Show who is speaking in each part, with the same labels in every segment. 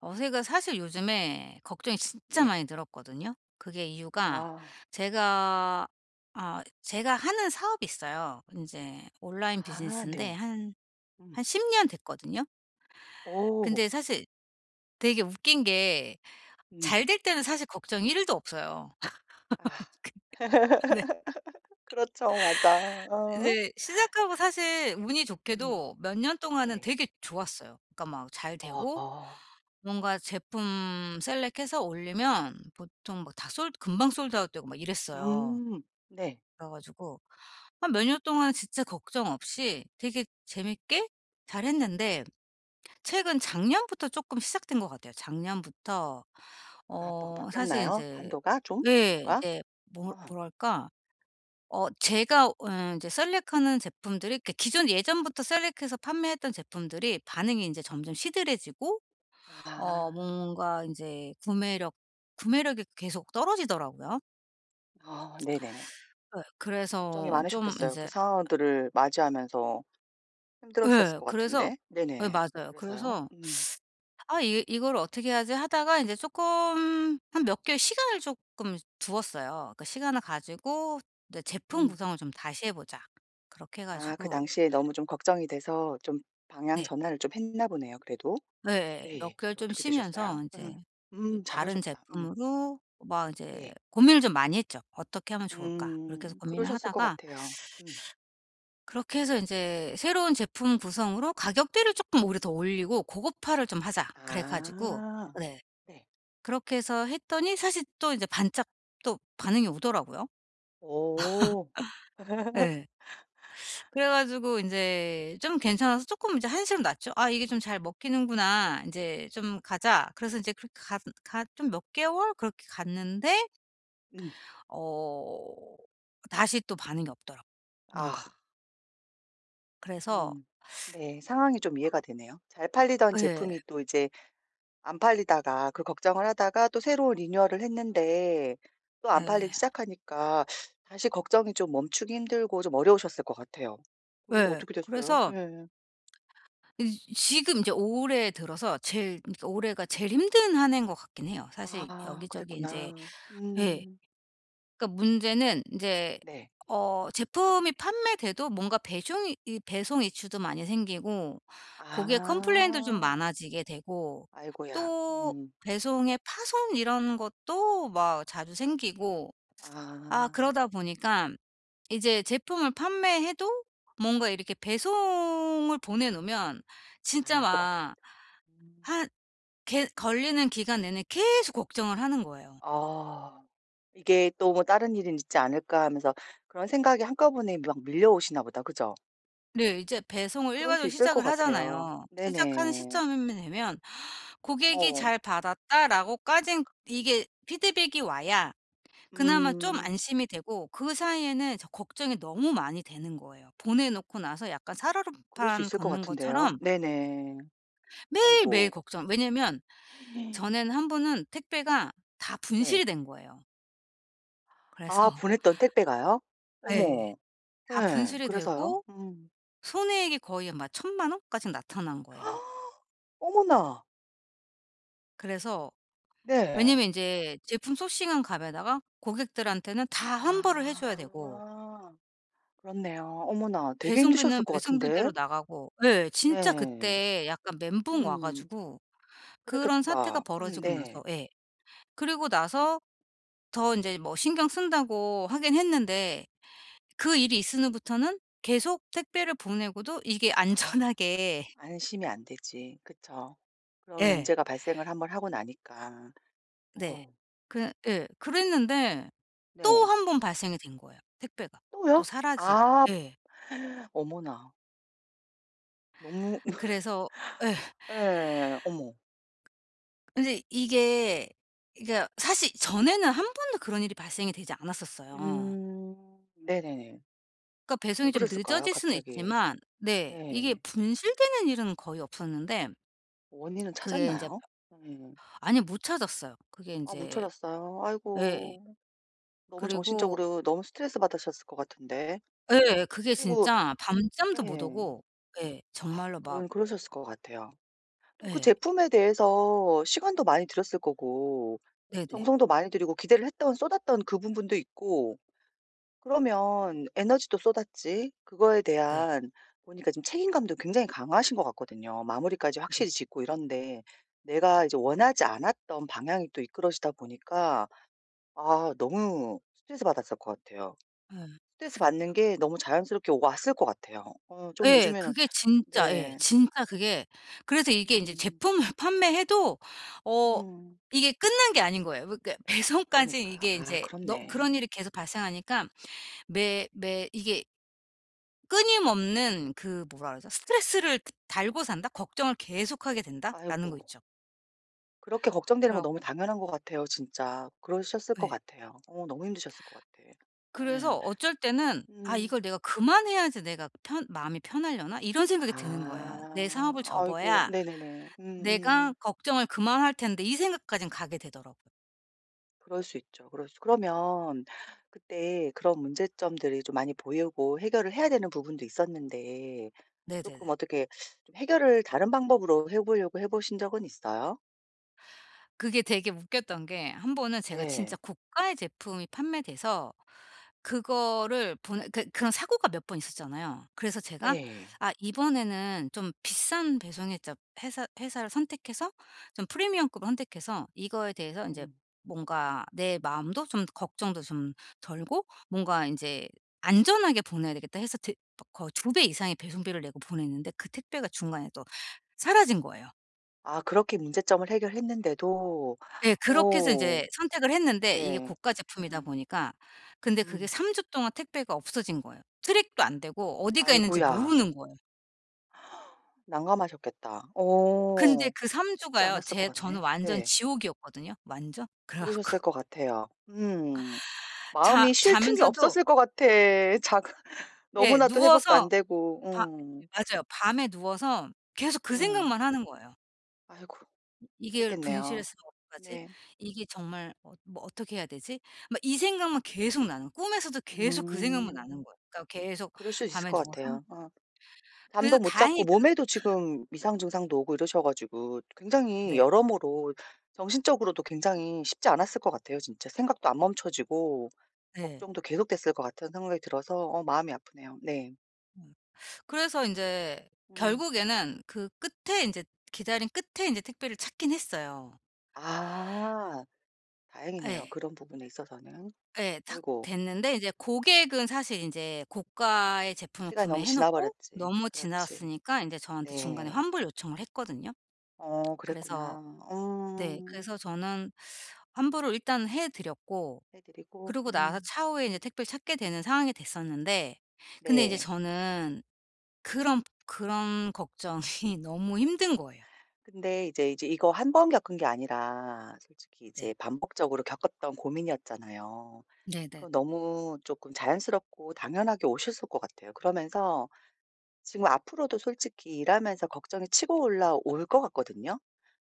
Speaker 1: 어 제가 사실 요즘에 걱정이 진짜
Speaker 2: 네.
Speaker 1: 많이 늘었거든요. 그게 이유가
Speaker 2: 아.
Speaker 1: 제가 아 제가 하는 사업이 있어요. 인제 온라인
Speaker 2: 아
Speaker 1: 비즈니스인데
Speaker 2: 네.
Speaker 1: 한,
Speaker 2: 음.
Speaker 1: 한 10 년 됐거든요.
Speaker 2: 어.
Speaker 1: 근데 사실 되게 웃긴 게
Speaker 2: 음.
Speaker 1: 잘 될 때는 사실 걱정이 1 도 없어요.
Speaker 2: 아.
Speaker 1: 근데 네.
Speaker 2: 그렇죠. 맞아. 어.
Speaker 1: 이제 시작하고 사실 운이
Speaker 2: 음.
Speaker 1: 좋게도 몇 년 동안은
Speaker 2: 네.
Speaker 1: 되게 좋았어요. 그러니까 막 잘 되고
Speaker 2: 아.
Speaker 1: 뭔가 제품 셀렉해서 올리면 보통 막 다 솔 금방 솔드 아웃 되고 막 이랬어요.
Speaker 2: 음. 네.
Speaker 1: 그래 가지고 한 몇 년 동안 진짜 걱정 없이 되게 재밌게 잘 했는데 최근 작년부터 쪼끔 시작된 것 같아요. 작년부터
Speaker 2: 아 뭐가
Speaker 1: 어 사실
Speaker 2: 바뀌었나요?
Speaker 1: 인제
Speaker 2: 판도가 좀?
Speaker 1: 예.
Speaker 2: 뭐가?
Speaker 1: 이제 뭐
Speaker 2: 아.
Speaker 1: 뭐랄까? 어 제가 어 인제 셀렉하는 제품들이 그 기존 예전부터 셀렉해서 판매했던 제품들이 반응이 인제 점점 시들해지고 어
Speaker 2: 아.
Speaker 1: 뭔가 인제 구매력, 구매력이 계속 떨어지더라고요.
Speaker 2: 아 네네네.
Speaker 1: 예.
Speaker 2: 걱정이
Speaker 1: 그래서 좀
Speaker 2: 많으셨겠어요. 그
Speaker 1: 이제
Speaker 2: 상황들을 맞이하면서 힘들으셨을
Speaker 1: 예.
Speaker 2: 것
Speaker 1: 그래서
Speaker 2: 같은데.
Speaker 1: 예
Speaker 2: 네네.
Speaker 1: 맞아요.
Speaker 2: 그래서요?
Speaker 1: 그래서
Speaker 2: 음.
Speaker 1: '아 이 이거를 어떻게 하지?' 하다가 이제 쪼끔 한 몇 개월 시간을 쪼끔 두었어요. 그 시간을 가지고 이제 '제품
Speaker 2: 응.
Speaker 1: 구성을 좀 다시 해 보자.' 그렇게 해
Speaker 2: 아 그
Speaker 1: 가지고
Speaker 2: 당시에 너무 좀 걱정이 돼서 좀 방향
Speaker 1: 네.
Speaker 2: 전환을 좀 했나 보네요 그래도.
Speaker 1: 네. 몇
Speaker 2: 예.
Speaker 1: 개월
Speaker 2: 그래서
Speaker 1: 좀
Speaker 2: 어떻게 되셨어요?
Speaker 1: 쉬면서 이제
Speaker 2: 음
Speaker 1: 이
Speaker 2: 음
Speaker 1: 다른
Speaker 2: 잘하셨다. 음.
Speaker 1: 제품으로 막 이제
Speaker 2: 예.
Speaker 1: 고민을 좀 많이 했죠. '어떻게 하면 좋을까?' 그렇게 해서
Speaker 2: 음
Speaker 1: 고민을
Speaker 2: 그러셨을 것
Speaker 1: 하다가
Speaker 2: 같애요. 음.
Speaker 1: 그렇게 해서 '이제 새로운 제품 구성으로 가격대를 쪼끔 오히려 더 올리고 고급화를 좀 하자.' 그래 가지고
Speaker 2: 아
Speaker 1: 네
Speaker 2: 네.
Speaker 1: 그렇게 해서 했더니 사실 또 이제 반짝 또 반응이 오더라구요.
Speaker 2: 어.
Speaker 1: 예. 그래 가지고 인제 좀 괜찮아서 쪼끔 인제 한시름 놨죠. '아 이게 좀 잘 먹히는구나. 인제 좀 가자!' 그래서 인제 그 가슨 가 좀 몇 개월 그렇게 갔는데
Speaker 2: 음.
Speaker 1: 어 다시 또 반응이 없더라고
Speaker 2: 아.
Speaker 1: 뭔가. 그래서
Speaker 2: 음. 네, 상황이 좀 이해가
Speaker 1: 어
Speaker 2: 되네요. 잘 팔리던
Speaker 1: 예.
Speaker 2: 제품이 또 이제 안 팔리다가 그 걱정을 하다가 또 새로 리뉴얼을 했는데 또 안 팔리기
Speaker 1: 네.
Speaker 2: 시작하니까 다시 걱정이 좀 멈추기 힘들고 좀 어려우셨을 것 같아요. 그래서
Speaker 1: 네
Speaker 2: 어떻게 됐어요?
Speaker 1: 그래서
Speaker 2: 예.
Speaker 1: 이 지 지금 이제 올해 들어서 제일 그러니까 올해가 제일 힘든 1 해인 것 같긴 해요. 사실
Speaker 2: 아
Speaker 1: 여기저기 인제
Speaker 2: 그랬구나.
Speaker 1: 예
Speaker 2: 음.
Speaker 1: 그러니까 문제는 이제
Speaker 2: 네.
Speaker 1: 어 제품이 판매되도 뭔가 배숑이 이 배송 이슈도 많이 생기고 거기에 컴플레인도 좀
Speaker 2: 아.
Speaker 1: 많아지게 되고
Speaker 2: 아이고야
Speaker 1: 또
Speaker 2: 음.
Speaker 1: 배송에 파손 이런 것도 막 자주 생기고 아
Speaker 2: 아.
Speaker 1: 그러다 보니까 이제 제품을 판매해도 뭔가 이렇게 배송을 보내 놓으면 진짜
Speaker 2: 아 또 걱정
Speaker 1: 막
Speaker 2: 음.
Speaker 1: 한 게 걸리는 기간 내내 계속 걱정을 하는 거예요.
Speaker 2: 아 이게 '또 뭐 다른 일은 있지 않을까.' 하면서 그런 생각이 한꺼번에 막 밀려오시나 보다. 그죠?
Speaker 1: 네. 이제 배송을
Speaker 2: 그럴 수
Speaker 1: 일괄적으로
Speaker 2: 있을 것
Speaker 1: 시작을
Speaker 2: 같아요.
Speaker 1: 하잖아요. 시작하는
Speaker 2: 네네.
Speaker 1: 시점이 되면 고객이
Speaker 2: 어.
Speaker 1: "잘 받았다."라고 까진 이게 피드백이 와야 그나마 좀
Speaker 2: 음.
Speaker 1: 안심이 되고 그 사이에는 저 걱정이 너무 많이 되는 거예요. 보내놓고 나서 약간
Speaker 2: 그럴 수
Speaker 1: 살얼음판
Speaker 2: 있을 것
Speaker 1: 걷는
Speaker 2: 같은데요.
Speaker 1: 것처럼
Speaker 2: 네네.
Speaker 1: 매일매일
Speaker 2: 아이고.
Speaker 1: 걱정 왜냐하면 전에는 1 번은 택배가 다
Speaker 2: 네.
Speaker 1: 분실이 된 거예요.
Speaker 2: 아
Speaker 1: 그래서
Speaker 2: 보냈던 택배가요?
Speaker 1: 예.
Speaker 2: 어머.
Speaker 1: 다
Speaker 2: 예.
Speaker 1: 분실이
Speaker 2: 그래서요?
Speaker 1: 되고
Speaker 2: 음.
Speaker 1: 손해액이 거의 막 10,000,000 원까지 나타난 거예요.
Speaker 2: 어머나.
Speaker 1: 그래서
Speaker 2: 네.
Speaker 1: 왜냐하면 인제 제품 sourcing 한 값에다가 고객들한테는 다 환불을 해 줘야 되고
Speaker 2: 아. 그렇네요. 어머나 되게 힘드셨을
Speaker 1: 배송비는
Speaker 2: 것 같은데.
Speaker 1: 배송비대로 나가고 예 진짜
Speaker 2: 네.
Speaker 1: 그때 약간 멘붕 와
Speaker 2: 음.
Speaker 1: 가지고 그런 사태가
Speaker 2: 그랬겠다. 음
Speaker 1: 벌어지고
Speaker 2: 네.
Speaker 1: 나서 예 그러고 나서 더 인제 뭐 신경 쓴다고 하긴 했는데 그 일이 있은 후부터는 계속 택배를 보내고도 이게
Speaker 2: 아.
Speaker 1: 안전하게
Speaker 2: 안심이 안 되지. 그쵸. 그런
Speaker 1: 예.
Speaker 2: 문제가 발생을 1 번 하고 나니까.
Speaker 1: 네.
Speaker 2: 어.
Speaker 1: 그 예 그랬는데 또
Speaker 2: 네.
Speaker 1: 1 번 발생이 된 거예요 택배가. 또
Speaker 2: 또요?
Speaker 1: 사라지
Speaker 2: 아
Speaker 1: 예.
Speaker 2: 어머나. 너무
Speaker 1: 그래서 예.
Speaker 2: 예. 어머.
Speaker 1: 근데 이게 이 그러니까 사실 전에는 1 번도 그런 일이 발생이 되지 않았었어요.
Speaker 2: 음 네네네.
Speaker 1: 그러니까
Speaker 2: 왜
Speaker 1: 배송이 좀
Speaker 2: 그랬을까요
Speaker 1: 늦어질 수는
Speaker 2: 갑자기?
Speaker 1: 있지만 네 이게
Speaker 2: 네.
Speaker 1: 분실되는 일은 거의 없었는데
Speaker 2: 원인은
Speaker 1: 그게 인제
Speaker 2: 찾았나요? 네.
Speaker 1: 아니 못 찾았어요. 그게
Speaker 2: 아 못
Speaker 1: 인제
Speaker 2: 찾았어요?
Speaker 1: 예.
Speaker 2: 아이고. 너무
Speaker 1: 그리고
Speaker 2: 정신적으로 너무 스트레스받으셨을 것 같은데.
Speaker 1: 예예. 그게
Speaker 2: 그리고
Speaker 1: 진짜 밤잠도 못
Speaker 2: 예.
Speaker 1: 오고 예
Speaker 2: 아
Speaker 1: 정말로 막
Speaker 2: 그런 그러셨을 것 같아요. 또 그
Speaker 1: 예.
Speaker 2: 제품에 대해서 시간도 많이 들였을 거고
Speaker 1: 네네.
Speaker 2: 정성도 많이 들이고 기대를 했던 쏟았던 그 부분도 있고 그러면 에너지도 쏟았지 그거에
Speaker 1: 네.
Speaker 2: 대한 보니까 지금 책임감도 굉장히 강하신 것 같거든요. 마무리까지
Speaker 1: 네.
Speaker 2: 확실히 짓고 이런데 내가 이제 원하지 않았던 방향이 또 이끌어지다 보니까 아 너무 스트레스 받았을 것 같아요.
Speaker 1: 예.
Speaker 2: 스트레스받는 게
Speaker 1: 그
Speaker 2: 너무 자연스럽게 오 왔을 것 같아요. 어 좀
Speaker 1: 예.
Speaker 2: 요즘에는
Speaker 1: 그게 진짜 예
Speaker 2: 네.
Speaker 1: 진짜 그게 그래서 이게 인제
Speaker 2: 음.
Speaker 1: 제품을 판매해도 어
Speaker 2: 음.
Speaker 1: 이게 끝난 게 아닌 거예요. 그러니까 배송까지
Speaker 2: 그러니까.
Speaker 1: 이게
Speaker 2: 아
Speaker 1: 이제 너 그런
Speaker 2: 그렇네.
Speaker 1: 일이 계속 발생하니까 매 매 이게 끊임없는 그 뭐라 그러죠? '스트레스를 드 달고 산다? 걱정을 계속하게 된다?'라는 거
Speaker 2: 아이고.
Speaker 1: 있죠.
Speaker 2: 그렇게 걱정되는 건
Speaker 1: 그래가
Speaker 2: 너무 당연한 것 같아요 진짜. 그러셨을 것
Speaker 1: 예.
Speaker 2: 같아요. 어 너무 힘드셨을 것 같아.
Speaker 1: 그래서
Speaker 2: 예.
Speaker 1: 어쩔 때는 '아
Speaker 2: 음.
Speaker 1: 이걸 내가 그만해야지 내가 편 마음이 편하려나?' 이런 생각이 드는 거예요. '내 사업을
Speaker 2: 아. 아이고.
Speaker 1: 접어야
Speaker 2: 네네네.
Speaker 1: 내가
Speaker 2: 음음.
Speaker 1: 걱정을 그만할 텐데.' 이 생각까진 가게 되더라고.
Speaker 2: 그럴 수 있죠. 그럴 수 그러면 그때 그런 문제점들이 좀 많이 보이고 해결을 해야 되는 부분도 있었는데
Speaker 1: 네네네.
Speaker 2: 쪼끔 어떻게 좀 해결을 다른 방법으로 해 보려고 해 보신 적은 있어요?
Speaker 1: 그게 되게 웃겼던 게 1 번은 제가 진짜
Speaker 2: 네.
Speaker 1: 고가의 제품이 판매돼서 그거를 보내 그 그런 사고가 몇 번 있었잖아요. 그래서 제가
Speaker 2: 예.
Speaker 1: '아 이번에는 좀 비싼 배송 회자 회사 회사를 선택해서 좀 프리미엄급을 선택해서 이거에 대해서 인제
Speaker 2: 음.
Speaker 1: 뭔가 내 마음도 좀 걱정도 좀 덜고 뭔가 인제 안전하게 보내야 되겠다.' 해서 두 거의 2 배 이상의 배송비를 내고 보냈는데 그 택배가 중간에 또 사라진 거예요.
Speaker 2: 아 그렇게 문제점을 해결했는데도.
Speaker 1: 예. 그렇게 해서
Speaker 2: 어.
Speaker 1: 인제 선택을 했는데 이게
Speaker 2: 네.
Speaker 1: 고가 제품이다
Speaker 2: 음.
Speaker 1: 보니까. 근데 그게
Speaker 2: 음.
Speaker 1: 3 주 동안 택배가 없어진 거예요. 트랙도 안 되고 어디 가 있는지
Speaker 2: 아이고야.
Speaker 1: 모르는 거예요.
Speaker 2: 난감하셨겠다.
Speaker 1: 근데
Speaker 2: 어
Speaker 1: 그 3
Speaker 2: 쉽지
Speaker 1: 주가요
Speaker 2: 않았을 것
Speaker 1: 제 저는
Speaker 2: 같네?
Speaker 1: 완전
Speaker 2: 네.
Speaker 1: 지옥이었거든요 완전. 그래
Speaker 2: 그러셨을
Speaker 1: 갖고
Speaker 2: 것 같아요. 음.
Speaker 1: 자
Speaker 2: 마음이 쉴 틈이
Speaker 1: 자면서도
Speaker 2: 없었을 것 같아. 자
Speaker 1: 예
Speaker 2: 너무나도 회복도
Speaker 1: 누워서
Speaker 2: 안되고.
Speaker 1: 밤
Speaker 2: 응.
Speaker 1: 맞아요. 밤에 누워서 계속 그
Speaker 2: 음.
Speaker 1: 생각만 하는 거예요.
Speaker 2: 아이고.
Speaker 1: '이걸
Speaker 2: 그랬겠네요.
Speaker 1: 분실했으면 어떡하지?
Speaker 2: 네.
Speaker 1: 이게 정말 어 뭐 어떻게 해야 되지?' 막 이 생각만 계속 나요. 꿈에서도 계속 그 생각만 나는
Speaker 2: 음.
Speaker 1: 거야. 그러니까 계속
Speaker 2: 그럴 수 있을
Speaker 1: 밤에
Speaker 2: 것
Speaker 1: 누워서
Speaker 2: 같아요. 어.
Speaker 1: 그래서
Speaker 2: 잠도 못
Speaker 1: 다행히
Speaker 2: 잤고
Speaker 1: 그
Speaker 2: 몸에도 지금 이상 증상도 오고 이러셔 가지고 굉장히
Speaker 1: 네.
Speaker 2: 여러모로 정신적으로도 굉장히 쉽지 않았을 것 같아요. 진짜 생각도 안 멈춰지고
Speaker 1: 네.
Speaker 2: 걱정도 계속됐을 것 같은 생각이 들어서 어 마음이 아프네요. 네.
Speaker 1: 음. 그래서 인제
Speaker 2: 응.
Speaker 1: 결국에는 그 끝에 이제 기다린 끝에 이제 택배를 찾긴 했어요.
Speaker 2: 아. 다행이네요
Speaker 1: 예.
Speaker 2: 그런 부분에 있어서는.
Speaker 1: 예. 탁
Speaker 2: 아이고.
Speaker 1: 됐는데 인제 고객은 사실 인제 고가의 제품을
Speaker 2: 시간이 너무
Speaker 1: 구매해 놓고
Speaker 2: 지나버렸지.
Speaker 1: 너무
Speaker 2: 그렇지.
Speaker 1: 지났으니까 인제 저한테 중간에
Speaker 2: 네.
Speaker 1: 환불 요청을 했거든요.
Speaker 2: 어
Speaker 1: 그래서
Speaker 2: 그랬구나.
Speaker 1: 네
Speaker 2: 어.
Speaker 1: 그래서 저는 환불을 일단 해 드렸고
Speaker 2: 해 드리고
Speaker 1: 그러고 나서
Speaker 2: 음.
Speaker 1: 차후에 이제 택배를 찾게 되는 상황이 됐었는데 근데 이제
Speaker 2: 네.
Speaker 1: 저는 그런 그런 걱정이 너무 힘든 거예요.
Speaker 2: 근데 이제, 이제 이거 1 번 겪은 게 아니라 솔직히
Speaker 1: 네.
Speaker 2: 이제 반복적으로 겪었던 고민이었잖아요. 그
Speaker 1: 네네.
Speaker 2: 너무 쪼끔 자연스럽고 당연하게 오셨을 것 같아요. 그러면서 지금 앞으로도 솔직히 일하면서 걱정이 치고 올라올 것 같거든요.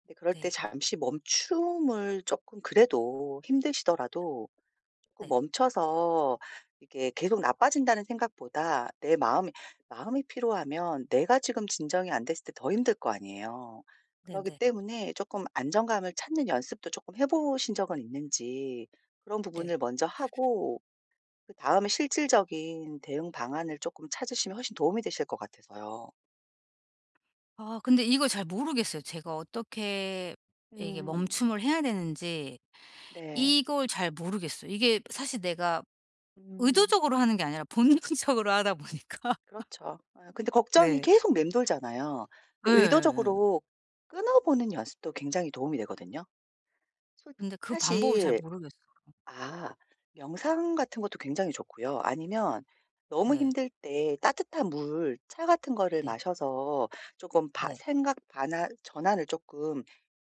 Speaker 2: 근데 그럴 때
Speaker 1: 네.
Speaker 2: 잠시 멈춤을 쪼끔 그래도 힘드시더라도 쪼끔
Speaker 1: 네.
Speaker 2: 멈춰서 이게 '계속 나빠진다.'는 생각보다 내 마음이 마음이 피로하면 내가 지금 진정이 안 됐을 때 더 힘들 거 아니에요. 그렇기
Speaker 1: 네네.
Speaker 2: 때문에 쪼끔 안정감을 찾는 연습도 쪼끔 해 보신 적은 있는지 그런
Speaker 1: 네.
Speaker 2: 부분을 먼저 하고 그다음에 실질적인 대응 방안을 쪼끔 찾으시면 훨씬 도움이 되실 것 같아서요.
Speaker 1: 아 근데 이걸 잘 모르겠어요. 제가 어떻게 이게
Speaker 2: 음.
Speaker 1: 멈춤을 해야 되는지
Speaker 2: 네.
Speaker 1: 이걸 잘 모르겠어요. 이게 사실 내가
Speaker 2: 음.
Speaker 1: 의도적으로 하는 게 아니라 본능적으로 하다 보니까.
Speaker 2: 그렇죠. 예 근데 걱정이
Speaker 1: 네.
Speaker 2: 계속 맴돌잖아요. 근데
Speaker 1: 예예예.
Speaker 2: 의도적으로 끊어 보는 연습도 굉장히 도움이 되거든요. 솔
Speaker 1: 근데 그 방법을 잘
Speaker 2: 사실
Speaker 1: 모르겠어요.
Speaker 2: 아 명상 같은 것도 굉장히 좋고요. 아니면 너무
Speaker 1: 네.
Speaker 2: 힘들 때 따뜻한 물, 차 같은 거를
Speaker 1: 네
Speaker 2: 마셔서 쪼끔 바
Speaker 1: 네.
Speaker 2: 생각 반환 전환을 쪼끔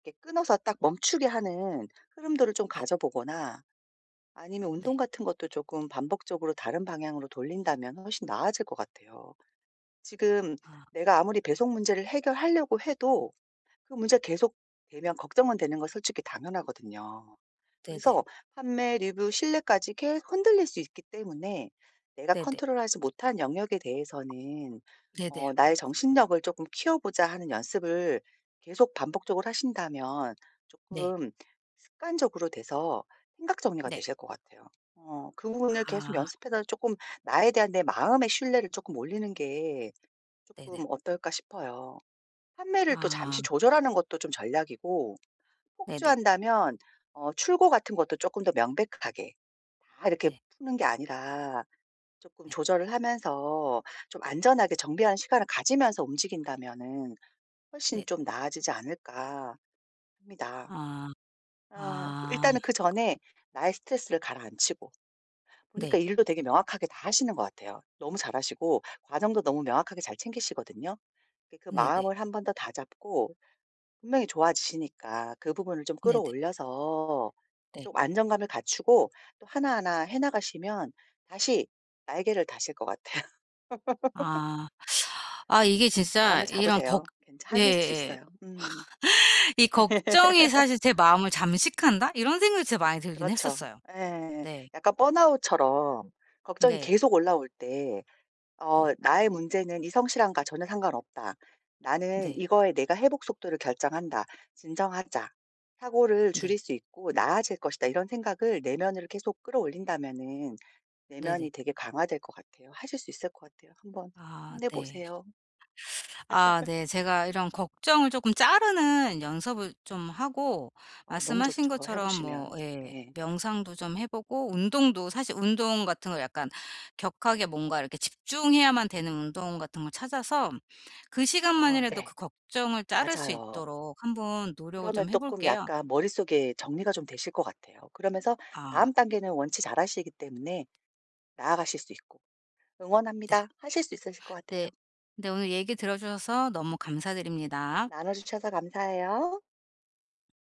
Speaker 2: 이렇게 끊어서 딱 멈추게 하는 흐름들을 좀
Speaker 1: 네.
Speaker 2: 가져 보거나 아니면 운동
Speaker 1: 네.
Speaker 2: 같은 것도 조금 반복적으로 다른 방향으로 돌린다면 훨씬 나아질 것 같아요. 지금
Speaker 1: 아
Speaker 2: 내가 아무리 배송 문제를 해결하려고 해도 그 문제가 계속되면 걱정은 되는 건 솔직히 당연하거든요.
Speaker 1: 네네.
Speaker 2: 그래서 판매, 리뷰, 신뢰까지 계속 흔들릴 수 있기 때문에 내가
Speaker 1: 네네.
Speaker 2: 컨트롤하지 못한 영역에 대해서는
Speaker 1: 네네.
Speaker 2: 어 '나의 정신력을 조금 키워 보자.' 하는 연습을 계속 반복적으로 하신다면
Speaker 1: 네.
Speaker 2: 쪼끔 습관적으로 돼서 생각 정리가
Speaker 1: 네.
Speaker 2: 되실 것 같아요. 어 그 부분을 계속
Speaker 1: 아.
Speaker 2: 연습해서 쪼끔 나에 대한 내 마음의 신뢰를 쪼끔 올리는 게
Speaker 1: 네네.
Speaker 2: 쪼끔 어떨까 싶어요. '판매를 또
Speaker 1: 아.
Speaker 2: 잠시 조절하는 것도 좀 전략이고
Speaker 1: 네네.
Speaker 2: 폭주한다면 어 출고 같은 것도 조금 더 명백하게 다 이렇게
Speaker 1: 네.
Speaker 2: 푸는 게 아니라 쪼끔
Speaker 1: 네.
Speaker 2: 조절을 하면서 좀 안전하게 정비하는 시간을 가지면서 움직인다면은 훨씬
Speaker 1: 네.
Speaker 2: 좀 나아지지 않을까?' 합니다.
Speaker 1: 아
Speaker 2: 어
Speaker 1: 아.
Speaker 2: 일단은 그전에 나의 스트레스를 가라앉히고 보니까
Speaker 1: 네.
Speaker 2: 일도 되게 명확하게 다 하시는 것 같아요. 너무 잘하시고 과정도 너무 명확하게 잘 챙기시거든요. 이렇게 그
Speaker 1: 네네.
Speaker 2: 마음을 1 번 더 다잡고 분명히 좋아지시니까 그 부분을 좀
Speaker 1: 네네.
Speaker 2: 끌어올려서
Speaker 1: 네.
Speaker 2: 좀 안정감을 갖추고 또 하나하나 해 나가시면 다시 날개를 다실 것 같아요.
Speaker 1: 아. 아 이게 진짜
Speaker 2: 마음을
Speaker 1: 이런 벅
Speaker 2: 잡으세요. 괜 하실 수
Speaker 1: 예예예.
Speaker 2: 있어요. 음.
Speaker 1: 이 '걱정이 사실 제 마음을 잠식한다.' 이런 생각이 진짜 많이 들긴
Speaker 2: 그렇죠.
Speaker 1: 했었어요.
Speaker 2: 예예.
Speaker 1: 네.
Speaker 2: 약간 번아웃처럼 걱정이
Speaker 1: 네.
Speaker 2: 계속 올라올 때 어
Speaker 1: 네.
Speaker 2: '나의 문제는 이 성실함과 전혀 상관없다. 나는
Speaker 1: 네.
Speaker 2: 이거에 내가 회복 속도를 결정한다. 진정하자. 사고를
Speaker 1: 네.
Speaker 2: 줄일 수 있고 나아질 것이다.' 이런 생각을 내면으로 계속 끌어올린다면은
Speaker 1: 네네.
Speaker 2: 내면이 되게 강화될 것 같아요. 하실 수 있을 것 같아요. 한번
Speaker 1: 아
Speaker 2: 힘내
Speaker 1: 네.
Speaker 2: 보세요.
Speaker 1: 아 네. 제가 이런 걱정을 쪼끔 자르는 연습을 좀 하고
Speaker 2: 어우 너무
Speaker 1: 말씀하신
Speaker 2: 좋죠. 해
Speaker 1: 것처럼 뭐
Speaker 2: 보시면
Speaker 1: 예
Speaker 2: 네.
Speaker 1: 명상도 좀 해 보고 운동도 사실 운동 같은 거 약간 격하게 뭔가 이렇게 집중해야만 되는 운동 같은 걸 찾아서 그
Speaker 2: 아
Speaker 1: 시간만이라도 그
Speaker 2: 네.
Speaker 1: 걱정을 자를 수
Speaker 2: 맞아요.
Speaker 1: 있도록 한번 노력을
Speaker 2: 그러면
Speaker 1: 좀 해
Speaker 2: 쪼끔
Speaker 1: 볼게요.
Speaker 2: 약간 머릿속에 정리가 좀 되실 것 같아요. 그러면서
Speaker 1: 아.
Speaker 2: 다음 단계는 원체 잘하시기 때문에 나아가실 수 있고.
Speaker 1: 네.
Speaker 2: 응원합니다. 하실 수 있으실 것
Speaker 1: 네.
Speaker 2: 같아요.
Speaker 1: 네 오늘 얘기 들어 주셔서 너무 감사드립니다.
Speaker 2: 나눠주셔서 감사해요.